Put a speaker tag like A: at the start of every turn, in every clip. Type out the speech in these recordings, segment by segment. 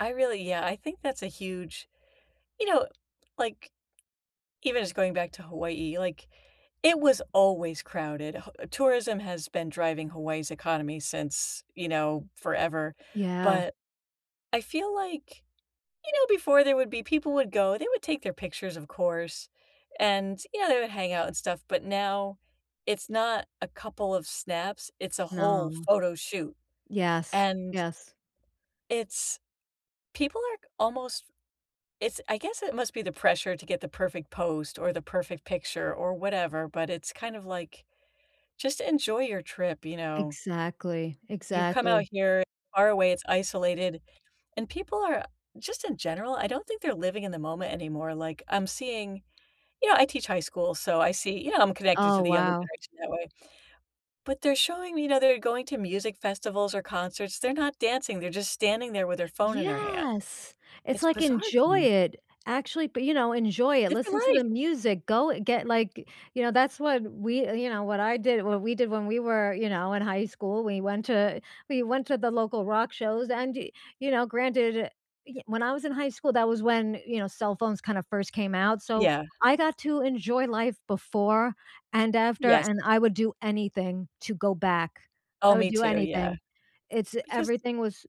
A: I really yeah, I think that's a huge, you know, like even just going back to Hawaii, like, it was always crowded, h tourism has been driving Hawaii's economy since, you know, forever.
B: Yeah.
A: But, I feel like, you know, before there would be people would go, they would take their pictures, of course, and, you know, they would hang out and stuff, but, now, it's not a couple of snaps, it's a whole
B: No.
A: photo shoot.
B: Yes,
A: And
B: yes.
A: it's people ark almost it's I guess it must be the pressure to get the perfect post or the perfect picture or whatever, but, it's kind of, like, just enjoy your trip, you know?
B: Exactly,
A: You've come out
B: exactly.
A: here far away, it's isolated and people are, just in general, I don't think they're living in the moment anymore, like, I'm seeing you know, I teach high school, so, I see you know, I'm connected
B: Oh,
A: to the younger
B: wow.
A: generation that way. But, they're showing me that they're going to music festivals or concerts, they're not dancing, they're just standing there with their phone in their hand.
B: Yes, it's,
A: It's
B: like,
A: bizarre to
B: "Enjoy
A: me.
B: it, actually, p you know, enjoy it,
A: Different
B: listen to
A: life.
B: the music, go get, like" You know, that's what we you know, what I did what we did when we were, you know, in high school. We went to we went to the local rock shows and, y you know, granted, eh y when I was in high school that was when, you know, cell phones kind of first came out, so,
A: Yeah.
B: I got to enjoy life before and after
A: Yes.
B: and I would do anything to go back. I
A: Oh,
B: would
A: me
B: do
A: too, yeah.
B: anything, it's, eh
A: Because
B: everything was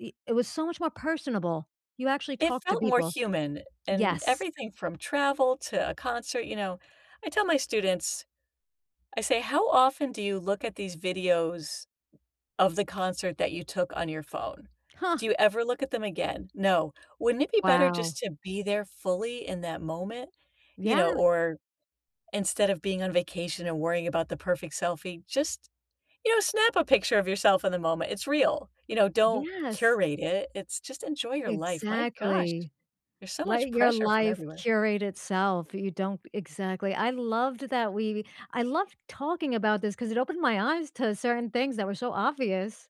B: i it was so much more personable. You actually
A: it
B: talk to
A: felt more
B: people.
A: human and
B: Yes.
A: everything from travel to a concert, you know, I tell my students, I say, "How often do you look at these videos of the concert that you took on your phone?
B: Huh!
A: Do you ever look at them again, no, wouldn't it be better
B: Wow.
A: just to be there fully in that moment?" You
B: Yeah.
A: know, or, instead of being on vacation and worrying about the perfect selfie, just, you know, snap a picture of yourself in the moment, it's real, you know, don't
B: Yes.
A: curate it, it's just enjoy your life, my gosh.
B: Exactly.
A: There's so
B: Let
A: much
B: your
A: pressure from
B: life
A: everywhere.
B: curate itself, you don't exactly, I loved that we we I loved talking about this 'cause it opened my eyes to certain things that were so obvious.